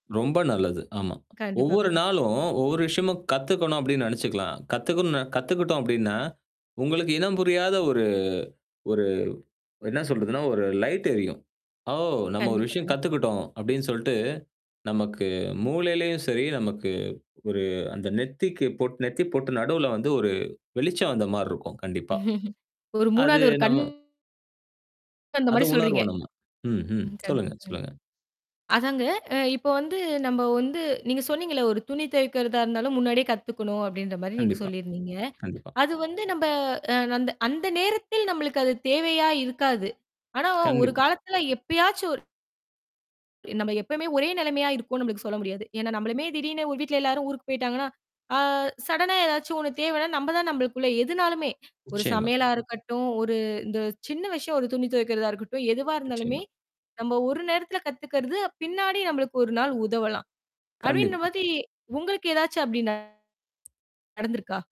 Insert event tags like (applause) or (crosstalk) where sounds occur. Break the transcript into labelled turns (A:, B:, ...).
A: ரொம்ப நல்லது. ஆமா.
B: கண்டிப்பா.
A: "ஒவ்வொரு
B: கண்டிப்
A: நாளும், ஒவ்வொரு விஷயமும் கத்துக்கணும்," அப்படின்னு நெனைச்சுக்கலாம். கத்துக்குண்ணு கத்துக்கிட்டோம் அப்படின்னா, உங்களுக்கு இனம் புரியாத ஒரு ஒரு என்ன சொல்றதுன்னா, ஒரு லைட்டு எரியும். "ஓ! நம்ம ஒரு
B: கண்டிப்பா.
A: விஷயம்
B: கண்
A: கத்துக்கிட்டோம்," அப்படின்னு சொல்ட்டு, நமக்கு மூளைலயும் சரி, நமக்கு ஒரு அந்த நெத்திக்கு பொட் நெத்தி பொட்டு நடுவுல வந்து ஒரு வெளிச்சம் வந்த மாரி இருக்கும் கண்டிப்பா.
B: (laughs) ஒரு
A: அது
B: 3வது ஒரு கண்
A: நம்ம
B: அந்த
A: அத
B: மாதிரி சொல்றீங்க.
A: உணர்வோம் நம்ம. ம், ம்.
B: கண்
A: சொல்லுங்க,
B: (unintelligible)
A: சொல்லுங்க.
B: அதாங்க, அ இப்போ வந்து நம்ப வந்து நீங்க சொன்னீங்கல்ல, "ஒரு துணி துவைக்கிறதா இருந்தாலும் முன்னாடியே கத்துக்கணும்." அப்படின்ற மாரி நீங்க
A: கண்டிப்பா.
B: சொல்லிருந்தீங்க.
A: கண்டிப்பா.
B: அது வந்து நம்ப அ அந்த அந்த நேரத்தில் நம்பளுக்கு அது தேவையா இருக்காது. ஆனா, ஒரு
A: கண்டிப்பா.
B: காலத்துல எப்பயாச்சும் ஒரு நம்ப எப்பவுமே ஒரே நெலைமையா இருக்கோம்ன்னு நம்பளுக்கு சொல்ல முடியாது. ஏன்னா, நம்பளுமே திடீர்ன்னு ஒரு வீட்டுல எல்லாரும் ஊருக்குப் போய்ட்டாங்கன்னா, அ சடனா ஏதாச்சும் ஒண்ணு தேவைன்னா, நம்ப தான் நம்பளுக்குள்ள எதுனாலுமே, ஒரு
A: நிச்சயமா.
B: சமையலா இருக்கட்டும், ஒரு இந்த சின்ன விஷயம் ஒரு துணி துவைக்கிறதா இருக்கட்டும், எதுவா இருந்தாலுமே,
A: நிச்சயமா.
B: "நம்ப ஒரு நேரத்துல கத்துக்கிறது, பின்னாடி நம்பளுக்கு ஒரு நாள் உதவலாம்." அப்படின்ன
A: கண்டிப்பா.
B: மாதிரி உங்களுக்கு ஏதாச்சும் அப்படி நடந்திருக்கா?